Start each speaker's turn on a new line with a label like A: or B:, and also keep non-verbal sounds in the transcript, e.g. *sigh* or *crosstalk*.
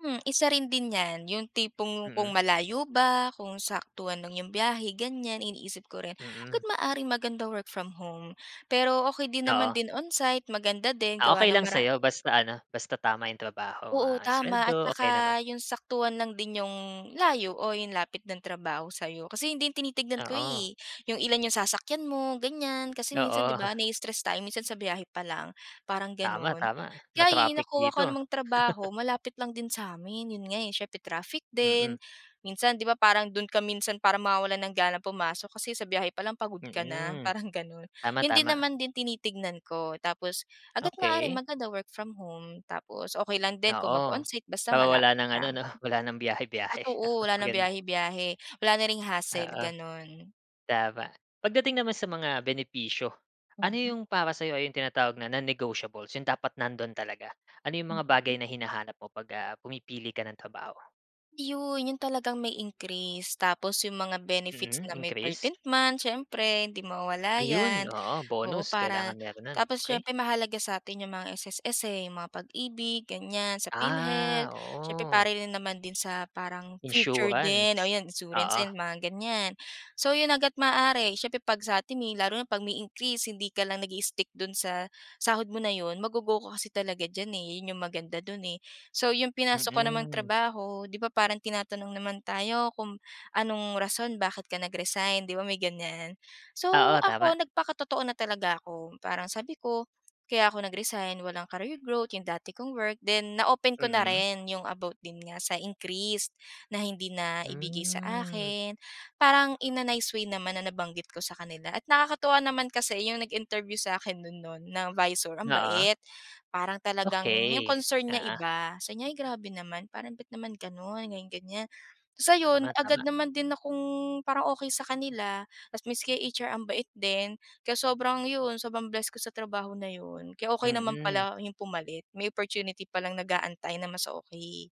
A: Mm, isa rin din yan, yung tipong kung
B: Mm.
A: malayo ba, kung saktuhan lang yung biyahe ganyan, iniisip ko rin, agad
B: Mm.
A: maaaring maganda work from home, pero okey din naman
B: Oo.
A: din on site maganda din
B: Ah,
A: gawa
B: okey
A: ng
B: lang
A: mara
B: sayo basta ano, basta tama yung trabaho
A: Oo,
B: ah
A: tama at
B: sweldo okey naman.
A: saka yung saktuhan lang din yung layo o yung lapit ng trabaho sayo, kasi yun din tinitignan ko
B: Oo.
A: eh. Yung ilan yung sasakyan mo ganyan, kasi minsan di
B: Oo.
A: ba na stress tayo minsan sa biyahe pa lang, parang ganun.
B: Tama-tama
A: Kaya yun
B: ma-traffic
A: nakuha
B: dito.
A: ko namang
B: *laughs*
A: trabaho malapit lang din sa'min yun nga eh, siyempre traffic din,
B: Mm.
A: minsan di ba parang dun ka minsan para mawawalan ng ganang pumasok kasi sa biyahe palang pagod ka na?
B: Mm,
A: Parang ganun, yun din
B: tama-tama.
A: naman din tinitignan ko tapos, hangga't maaari
B: Okey.
A: maganda work from home, tapos okey lang din kung mag
B: Oo,
A: onsite basta
B: para wala
A: malapit
B: ng ano
A: lang.
B: no wala ng biyahe-biyahe
A: Totoo
B: *chuckles*
A: wala ng
B: maganda.
A: biyahe-biyahe wala na ring hassle
B: Oo.
A: ganun.
B: Tama. Pagdating naman sa mga benepisyo, ano
A: Mm.
B: yung para sa'yo ay yung tinatawag na non-negotiables, yung dapat nandun talaga ano yung mga
A: Mm.
B: bagay na hinahanap mo pag, ah, pumipili ka ng trabaho?
A: Yun yun talagang may increase tapos yung mga benefits
B: Mm,
A: na may
B: increase.
A: 13th month siyempre hindi mawawala
B: Ayun,
A: yan
B: oo,
A: oo
B: bonus kailangan
A: para
B: meron nun,
A: tapos
B: okey.
A: siyempre mahalaga sa'tin yung mga SSS eh, yung mga Pag-ibig ganyan sa Philhealth,
B: Ah,
A: siyempre para
B: oo.
A: rin naman din sa parang future din o
B: Insurance,
A: yun insurance
B: oo.
A: din mga ganyan. So yun hangga't maaari, syempre pag sa'tin, eh, lalo na pag may increase hindi ka lang nag i-stick dun sa sahod mo na yun ma go-go mo kasi talaga dyan eh, yun yung maganda dun eh. So yung pinasok ko namang
B: Mm.
A: trabaho di ba parang tinatanong naman tayo kung anong rason bakit ka nag-resign di ba may ganyan. So
B: Oo, tama.
A: ako nagpakatotoo na talaga ako, parang sabi ko, kaya ako nag-resign walang career growth yung dati kong work then na open ko na
B: Mm.
A: rin yung about din nga sa increase na hindi na ibigay sa
B: Hmm.
A: akin, parang in a nice way naman na nabanggit ko sa kanila at nakakatuwa naman kasi yung nag-interview sa akin nun nun na visor ang
B: Oo.
A: bait. Parang talagang yung
B: Okey,
A: concern niya
B: oo.
A: iba sabi niya ay grabe naman parang bat naman ganun? Ganyan-ganyan. So yun agad
B: Tama-tama.
A: naman din akong parang okey sa kanila tas miski HR ang bait din kaya sobrang yun, sobrang bless ko sa trabaho na yun kaya okey naman
B: Mm.
A: pala yung pumalit may opportunity palang nag-aantay na mas okey.